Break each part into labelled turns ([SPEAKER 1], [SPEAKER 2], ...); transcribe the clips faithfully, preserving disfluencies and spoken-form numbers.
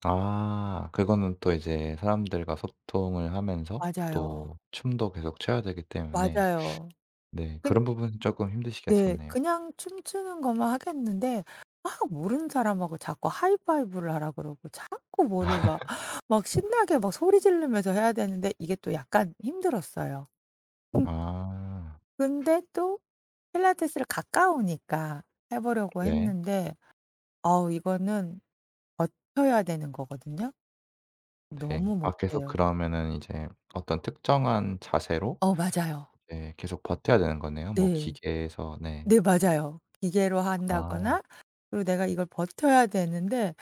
[SPEAKER 1] 아. 그거는 또 이제 사람들과 소통을 하면서
[SPEAKER 2] 맞아요.
[SPEAKER 1] 또 춤도 계속 춰야 되기 때문에
[SPEAKER 2] 맞아요.
[SPEAKER 1] 네
[SPEAKER 2] 그니
[SPEAKER 1] 그런 부분은 쪼끔
[SPEAKER 2] 네.
[SPEAKER 1] 힘드시겠었네요.
[SPEAKER 2] 그냥 춤추는 거면 하겠는데 막 모르는 사람하고 자꾸 하이 파이브를 하라고 그러고 자꾸 뭐를 막 막 신나게 막 소리 지르면서 해야 되는데 이게 또 약간 힘들었어요.
[SPEAKER 1] 아.
[SPEAKER 2] 근데 또 필라테스를 가까우니까 해 보려고
[SPEAKER 1] 네.
[SPEAKER 2] 했는데 어우 이거는 버텨야 되는 거거든요.
[SPEAKER 1] 네.
[SPEAKER 2] 너무
[SPEAKER 1] 아 계속
[SPEAKER 2] 못해요.
[SPEAKER 1] 그러면은 이제 어떤 특정한 자세로
[SPEAKER 2] 어 맞아요.
[SPEAKER 1] 네 계속 버텨야 되는 거네요. 뭐
[SPEAKER 2] 네.
[SPEAKER 1] 기계에서 네.
[SPEAKER 2] 네 맞아요. 기계로
[SPEAKER 1] 아.
[SPEAKER 2] 한다거나 그리고 내가 이걸 버텨야 되는데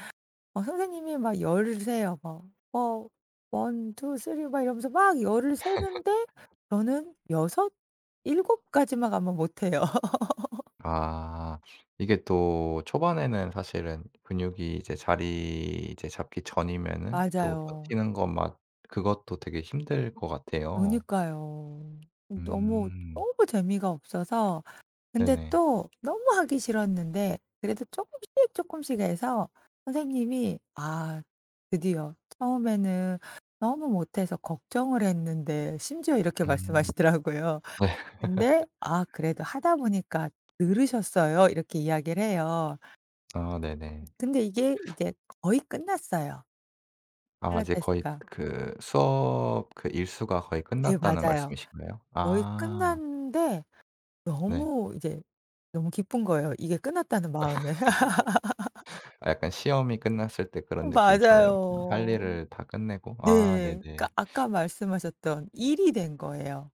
[SPEAKER 2] 어 선생님이 막 열 을 세요 뭐. 어. 원 투 쓰리 이러면서 막 열 을 세는데 저는 여섯 일곱 까지만 가면 못 해요.
[SPEAKER 1] 아. 이게 또 초반에는 사실은 근육이 이제 자리 이제 잡기 전이면은 또
[SPEAKER 2] 맞아요.
[SPEAKER 1] 버티는 것 막 그것도 되게 힘들 것 같아요.
[SPEAKER 2] 그니까요. 너무
[SPEAKER 1] 음.
[SPEAKER 2] 너무 재미가 없어서 근데
[SPEAKER 1] 네네.
[SPEAKER 2] 또 너무 하기 싫었는데 그래도 쪼끔씩 쪼끔씩 해서 선생님이 "아. 드디어. 처음에는 너무 못해서 걱정을 했는데." 심지어 이렇게
[SPEAKER 1] 음.
[SPEAKER 2] 말씀하시더라고요. 근데 "아 그래도 하다 보니까 늘으셨어요." 이렇게 이야기를 해요.
[SPEAKER 1] 아.
[SPEAKER 2] 음
[SPEAKER 1] 네네.
[SPEAKER 2] 근데 이게 이제 거의 끝났어요.
[SPEAKER 1] 아 이제 거의
[SPEAKER 2] 필라테스가.
[SPEAKER 1] 그 수업 그 일수가 거의
[SPEAKER 2] 네
[SPEAKER 1] 끝났다는
[SPEAKER 2] 맞아요.
[SPEAKER 1] 말씀이신가요?
[SPEAKER 2] 거의
[SPEAKER 1] 아.
[SPEAKER 2] 끝났는데
[SPEAKER 1] 네.
[SPEAKER 2] 너무 이제 너무 기쁜 거예요 이게 끝났다는 마음에.
[SPEAKER 1] 아 약간 시험이 끝났을 때 그런 느낌처럼 할
[SPEAKER 2] 맞아요.
[SPEAKER 1] 일을 다 끝내고
[SPEAKER 2] 네.
[SPEAKER 1] 아.
[SPEAKER 2] 그러니까
[SPEAKER 1] 네네.
[SPEAKER 2] 아까 말씀하셨던 일이 된 거예요.